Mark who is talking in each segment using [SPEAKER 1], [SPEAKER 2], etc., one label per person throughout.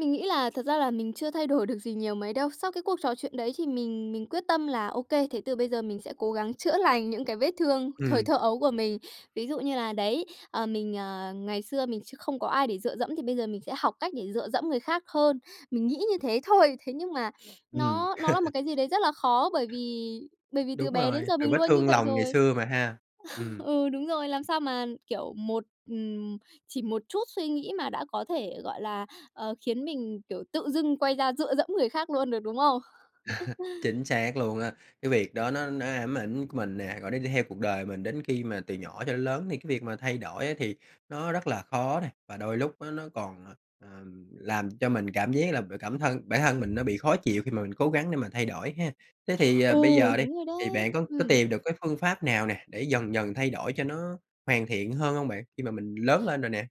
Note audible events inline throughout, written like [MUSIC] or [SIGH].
[SPEAKER 1] Mình nghĩ là thật ra là mình chưa thay đổi được gì nhiều mấy đâu. Sau cái cuộc trò chuyện đấy thì mình mình quyết tâm là, ô kê, thế từ bây giờ mình sẽ cố gắng chữa lành những cái vết thương thời
[SPEAKER 2] Ừm.
[SPEAKER 1] thơ ấu của mình. Ví dụ như là, đấy, ờ, mình, ờ, ngày xưa mình chưa không có ai để dựa dẫm thì bây giờ mình sẽ học cách để dựa dẫm người khác hơn. Mình nghĩ như thế thôi. Thế nhưng mà [SNIFFS]
[SPEAKER 2] Ừm.
[SPEAKER 1] nó nó là một cái gì đấy rất là khó bởi vì
[SPEAKER 2] [CHUCKLES]
[SPEAKER 1] bởi vì từ
[SPEAKER 2] Đúng
[SPEAKER 1] bé đến
[SPEAKER 2] rồi,
[SPEAKER 1] giờ
[SPEAKER 2] từ
[SPEAKER 1] mình
[SPEAKER 2] vết
[SPEAKER 1] luôn như
[SPEAKER 2] thương
[SPEAKER 1] vậy
[SPEAKER 2] lòng ngày
[SPEAKER 1] rồi.
[SPEAKER 2] xưa mà ha. Ừm.
[SPEAKER 1] [LAUGHS] Ừ, đúng rồi. Làm sao mà, kiểu, một ừm, chỉ một chút suy nghĩ mà đã có thể, gọi là, ờ, khiến mình, kiểu, tự dưng quay ra dựa dẫm người khác luôn được, đúng không?
[SPEAKER 2] [CHUCKLES]
[SPEAKER 1] [CHUCKLES]
[SPEAKER 2] Chính xác luôn á. Cái việc đó nó nó ám ảnh mình nè, rồi nó đi theo cuộc đời mình đến khi mà từ nhỏ cho đến lớn. Thì cái việc mà thay đổi á thì nó rất là khó nè và đôi lúc á, nó còn, ờ, ờ, làm cho mình cảm giác là b cảm thân bản thân mình nó bị khó chịu khi mà mình cố gắng để mà thay đổi ha. Thế thì, ờ,
[SPEAKER 1] Ừ,
[SPEAKER 2] bây giờ đi,
[SPEAKER 1] đúng rồi
[SPEAKER 2] thì bạn
[SPEAKER 1] đấy!
[SPEAKER 2] có có
[SPEAKER 1] Ừm.
[SPEAKER 2] tìm được cái phương pháp nào nè, để dần dần thay đổi cho nó hoàn thiện hơn hông bạn, khi mà mình lớn lên rồi nè?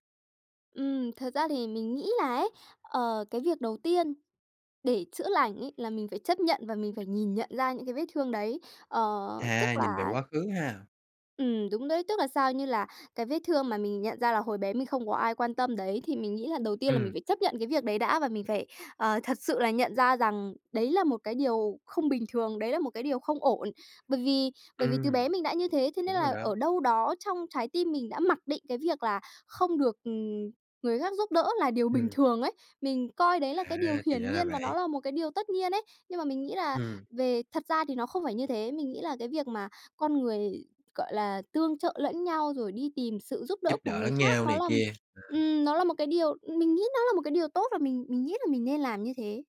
[SPEAKER 1] Ừm, thật ra thì mình nghĩ là ấy, ờ, cái việc đầu tiên để chữa lành ấy là mình phải chấp nhận và mình phải nhìn nhận ra những cái vết thương đấy. Ờ, tức
[SPEAKER 2] À, nhìn về
[SPEAKER 1] là
[SPEAKER 2] quá khứ ha.
[SPEAKER 1] Ừm, đúng đấy. Tức là sao? Như là cái vết thương mà mình nhận ra là hồi bé mình không có ai quan tâm đấy thì mình nghĩ là đầu tiên là mình
[SPEAKER 2] Ừm.
[SPEAKER 1] phải chấp nhận cái việc đấy đã, và mình phải, ờ, thật sự là nhận ra rằng đấy là một cái điều không bình thường, đấy là một cái điều không ổn, bởi vì bởi vì từ bé
[SPEAKER 2] Ừm.
[SPEAKER 1] mình đã như thế, thế nên
[SPEAKER 2] Đúng rồi
[SPEAKER 1] là
[SPEAKER 2] đó.
[SPEAKER 1] ở đâu đó trong trái tim mình đã mặc định cái việc là không được, ừm, người khác giúp đỡ là điều bình
[SPEAKER 2] Ừm.
[SPEAKER 1] thường ấy. Mình coi đấy là cái điều
[SPEAKER 2] À, thì
[SPEAKER 1] hiển
[SPEAKER 2] ra là
[SPEAKER 1] nhiên và nó
[SPEAKER 2] vậy!
[SPEAKER 1] là một cái điều tất nhiên ấy. Nhưng mà mình nghĩ là
[SPEAKER 2] Ừm.
[SPEAKER 1] về thật ra thì nó không phải như thế, mình nghĩ là cái việc mà con người, gọi là, tương trợ lẫn nhau rồi đi tìm sự giúp đỡ
[SPEAKER 2] Giúp
[SPEAKER 1] của
[SPEAKER 2] đỡ
[SPEAKER 1] người
[SPEAKER 2] lẫn
[SPEAKER 1] khác
[SPEAKER 2] nhau
[SPEAKER 1] nó
[SPEAKER 2] này
[SPEAKER 1] là
[SPEAKER 2] kia. À!
[SPEAKER 1] ừm, nó là một cái điều, ừm, mình nghĩ nó là một cái điều tốt và mình mình nghĩ là mình nên làm như thế.